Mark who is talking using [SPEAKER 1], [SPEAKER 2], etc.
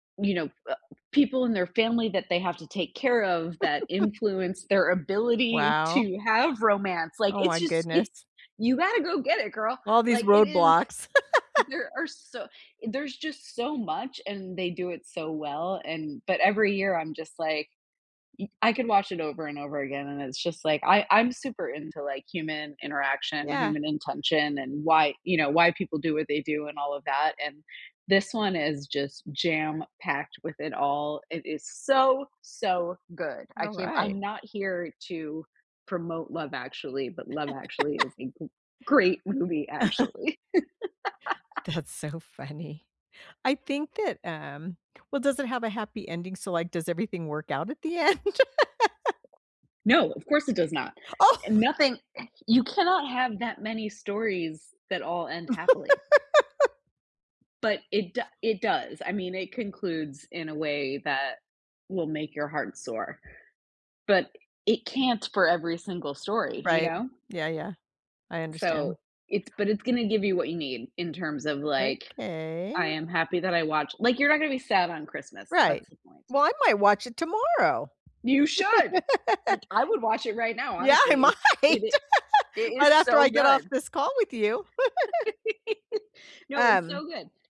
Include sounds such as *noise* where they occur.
[SPEAKER 1] You know, uh, people in their family that they have to take care of that
[SPEAKER 2] *chuckles*
[SPEAKER 1] influence their ability
[SPEAKER 2] Wow.
[SPEAKER 1] to have romance, like,
[SPEAKER 2] Oh,
[SPEAKER 1] it's
[SPEAKER 2] my
[SPEAKER 1] just it's
[SPEAKER 2] goodness!
[SPEAKER 1] you gotta go get it, girl,
[SPEAKER 2] All these
[SPEAKER 1] like, it is
[SPEAKER 2] roadblocks. *laughs*
[SPEAKER 1] there are so there's just so much, and they do it so well, and but every year, I'm just like, y I could watch it over and over again, and it's just like, I I'm super into, like, human interaction,
[SPEAKER 2] Yeah.
[SPEAKER 1] human intention, and why, you know, why people do what they do and all of that. And this one is just jam packed with it all it is so, so good. I
[SPEAKER 2] All
[SPEAKER 1] can't
[SPEAKER 2] right.
[SPEAKER 1] I'm not here to promote Love Actually, but Love Actually is
[SPEAKER 2] *laughs*
[SPEAKER 1] a g great movie,
[SPEAKER 2] *chuckles*
[SPEAKER 1] actually. *chuckles*
[SPEAKER 2] That's so funny. I think that, um well, does it have a happy ending? So, like, does everything work out at the end? *laughs*
[SPEAKER 1] No, of course it does not.
[SPEAKER 2] Oh, my g
[SPEAKER 1] Nothing you cannot have that many stories that all end happily.
[SPEAKER 2] *laughs*
[SPEAKER 1] But it do it does. I mean, it concludes in a way that will make your heart soar, but it can't for every single story, you
[SPEAKER 2] Right.
[SPEAKER 1] know?
[SPEAKER 2] Yeah, yeah, I understand.
[SPEAKER 1] So, it's but it's gonna give you what you need in terms of, like, "I
[SPEAKER 2] Okay.
[SPEAKER 1] am happy that I watch" like, you're not gonna be sad on Christmas,
[SPEAKER 2] Right.
[SPEAKER 1] that's the point.
[SPEAKER 2] Well, I might watch it tomorrow.
[SPEAKER 1] You should. Nic
[SPEAKER 2] *laughs*
[SPEAKER 1] I would watch it right now,
[SPEAKER 2] Yeah, I
[SPEAKER 1] honestly,
[SPEAKER 2] might.
[SPEAKER 1] it's it i
[SPEAKER 2] *laughs*
[SPEAKER 1] it
[SPEAKER 2] Right
[SPEAKER 1] is
[SPEAKER 2] after
[SPEAKER 1] so
[SPEAKER 2] I get off
[SPEAKER 1] good.
[SPEAKER 2] this call with you. *giggles*
[SPEAKER 1] *giggles* No, it's
[SPEAKER 2] Um
[SPEAKER 1] so good.